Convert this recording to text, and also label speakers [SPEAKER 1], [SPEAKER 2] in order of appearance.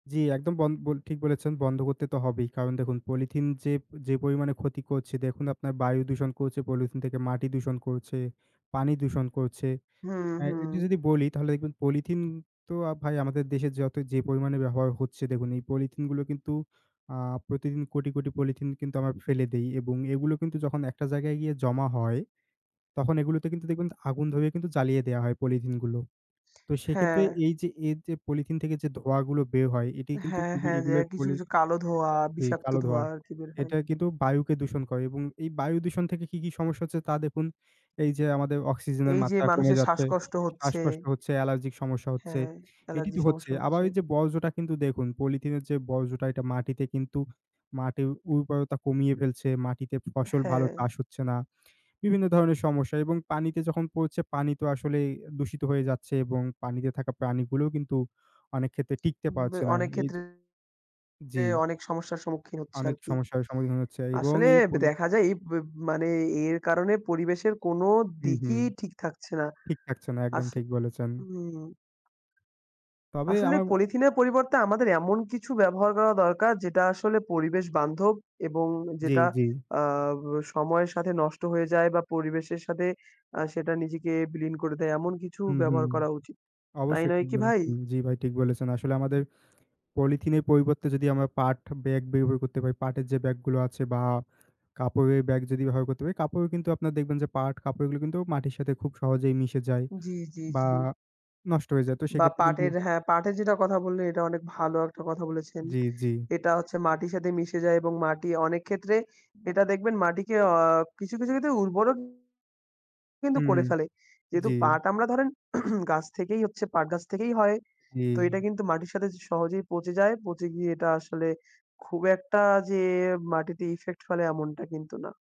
[SPEAKER 1] জি, একদম বন বল ঠিক বলেছেন। বন্ধ করতে তো হবেই। কারণ দেখুন, পলিথিন যে যে পরিমাণে ক্ষতি করছে দেখুন আপনার বায়ু দূষণ করছে পলিথিন থেকে, মাটি দূষণ করছে, পানি দূষণ করছে।
[SPEAKER 2] হু,
[SPEAKER 1] অ্যা
[SPEAKER 2] হু।
[SPEAKER 1] এটা যদি বলি তাহলে দেখবেন পলিথিন তো ভাই আমাদের দেশে যত যে পরিমাণে ব্যবহার হচ্ছে দেখুন, এই পলিথিনগুলো কিন্তু আ প্রতিদিন কোটি, কোটি পলিথিন কিন্তু আমরা ফেলে দেই এবং এগুলো কিন্তু যখন একটা জায়গায় গিয়ে জমা হয়, তখন এগুলোতে কিন্তু দেখবেন ত আগুন ধরিয়ে কিন্তু জ্বালিয়ে দেয়া হয় পলিথিনগুলো। তো সেক্ষেত্রে
[SPEAKER 2] হ্যাঁ।
[SPEAKER 1] এই যে, এই যে পলিথিন থেকে যে ধোঁয়াগুলো বের হয় এটি কিন্তু
[SPEAKER 2] হ্যাঁ,
[SPEAKER 1] খুবই,
[SPEAKER 2] হ্যাঁ। যে
[SPEAKER 1] এগুলোর
[SPEAKER 2] কিছু,
[SPEAKER 1] পলি
[SPEAKER 2] কিছু কালো ধোঁয়া,
[SPEAKER 1] জি,
[SPEAKER 2] বিষাক্ত
[SPEAKER 1] কালো
[SPEAKER 2] ধোঁয়া
[SPEAKER 1] ধোঁয়া।
[SPEAKER 2] আর কি বের হয়।
[SPEAKER 1] এটা কিন্তু বায়ুকে দূষণ করে এবং এই বায়ু দূষণ থেকে কি, কি সমস্যা হচ্ছে তা দেখুন। এই যে আমাদের অক্সিজেনের
[SPEAKER 2] এই যে
[SPEAKER 1] মাত্রা কমে
[SPEAKER 2] মানুষের
[SPEAKER 1] যাচ্ছে,
[SPEAKER 2] শ্বাসকষ্ট হচ্ছে।
[SPEAKER 1] শ্বাসকষ্ট হচ্ছে, অ্যালার্জিক সমস্যা হচ্ছে,
[SPEAKER 2] হ্যাঁ,
[SPEAKER 1] এটি
[SPEAKER 2] অ্যালার্জি
[SPEAKER 1] তো হচ্ছে।
[SPEAKER 2] সমস্যা
[SPEAKER 1] আবার
[SPEAKER 2] হচ্ছে।
[SPEAKER 1] এই যে বর্জ্যটা কিন্তু দেখুন পলিথিনের যে বর্জ্যটা, এটা মাটিতে কিন্তু মাটির উর্বরতা কমিয়ে ফেলছে। মাটিতে ফসল ভালো
[SPEAKER 2] হ্যাঁ।
[SPEAKER 1] চাষ হচ্ছে না। বিভিন্ন ধরনের সমস্যা এবং পানিতে যখন পড়ছে পানি তো আসলে দূষিত হয়ে যাচ্ছে এবং পানিতে থাকা প্রাণীগুলোও কিন্তু অনেক ক্ষেত্রে টিকতে
[SPEAKER 2] উম
[SPEAKER 1] পারছে না।
[SPEAKER 2] অনেক
[SPEAKER 1] এই
[SPEAKER 2] ক্ষেত্রে
[SPEAKER 1] যে জি।
[SPEAKER 2] অনেক সমস্যার সম্মুখীন হচ্ছে
[SPEAKER 1] অনেক
[SPEAKER 2] আর কি।
[SPEAKER 1] সমস্যার সম্মুখীন হচ্ছে এবং
[SPEAKER 2] আসলে
[SPEAKER 1] এই
[SPEAKER 2] ব
[SPEAKER 1] পলি
[SPEAKER 2] দেখা যায় এই ব্য মানে এর কারণে পরিবেশের কোনো
[SPEAKER 1] হুম, হুম।
[SPEAKER 2] দিকই ঠিক থাকছে না।
[SPEAKER 1] ঠিক থাকছে না, একদম
[SPEAKER 2] আস
[SPEAKER 1] ঠিক বলেছেন।
[SPEAKER 2] উম
[SPEAKER 1] তবে
[SPEAKER 2] আসলে
[SPEAKER 1] আমার আ
[SPEAKER 2] পলিথিনের পরিবর্তে আমাদের এমন কিছু ব্যবহার করা দরকার যেটা আসলে পরিবেশ বান্ধব এবং
[SPEAKER 1] জি,
[SPEAKER 2] যেটা
[SPEAKER 1] জি।
[SPEAKER 2] আ ব সময়ের সাথে নষ্ট হয়ে যায় বা পরিবেশের সাথে আ সেটা নিজেকে বিলীন করে দেয়। এমন কিছু
[SPEAKER 1] হুম, হুম।
[SPEAKER 2] ব্যবহার করা উচিত। তাই
[SPEAKER 1] অবশ্যই
[SPEAKER 2] নয়
[SPEAKER 1] ঠিক
[SPEAKER 2] কি ভাই?
[SPEAKER 1] বলেছেন। জি ভাই, ঠিক বলেছেন। আসলে আমাদের পলিথিনের পরিবর্তে যদি আমরা পাট ব্যাগ ব্যবহার করতে পারি, পাটের যে ব্যাগগুলো আছে বা কাপড়ের ব্যাগ যদি ব্যবহার করতে পারি, কাপড়ও কিন্তু আপনার দেখবেন যে পাট কাপড়গুলো কিন্তু মাটির সাথে খুব সহজেই মিশে যায়
[SPEAKER 2] জি, জি,
[SPEAKER 1] বা
[SPEAKER 2] জি।
[SPEAKER 1] নষ্ট হয়ে যায়। তো
[SPEAKER 2] বা
[SPEAKER 1] সেক্ষেত্রে কিন্তু
[SPEAKER 2] পাটের হ্যাঁ, পাটের যেটার কথা বললেন, এটা অনেক ভালো, একটা কথা বলেছেন।
[SPEAKER 1] জি, জি।
[SPEAKER 2] এটা হচ্ছে মাটির সাথে মিশে যায় এবং মাটি অনেক ক্ষেত্রে এটা দেখবেন মাটিকে আ কিছু, কিছু ক্ষেত্রে উর্বরও কিন্তু
[SPEAKER 1] হুম, হু।
[SPEAKER 2] করে ফেলে। যেহেতু
[SPEAKER 1] জি।
[SPEAKER 2] পাট আমরা ধরেন গাছ থেকেই হচ্ছে, পাট গাছ থেকেই হয়। তো এটা
[SPEAKER 1] জি।
[SPEAKER 2] কিন্তু মাটির সাথে জ সহজেই পচে যায়। পচে গিয়ে এটা আসলে খুব একটা যে মাটিতে effect ফেলে এমনটা কিন্তু না।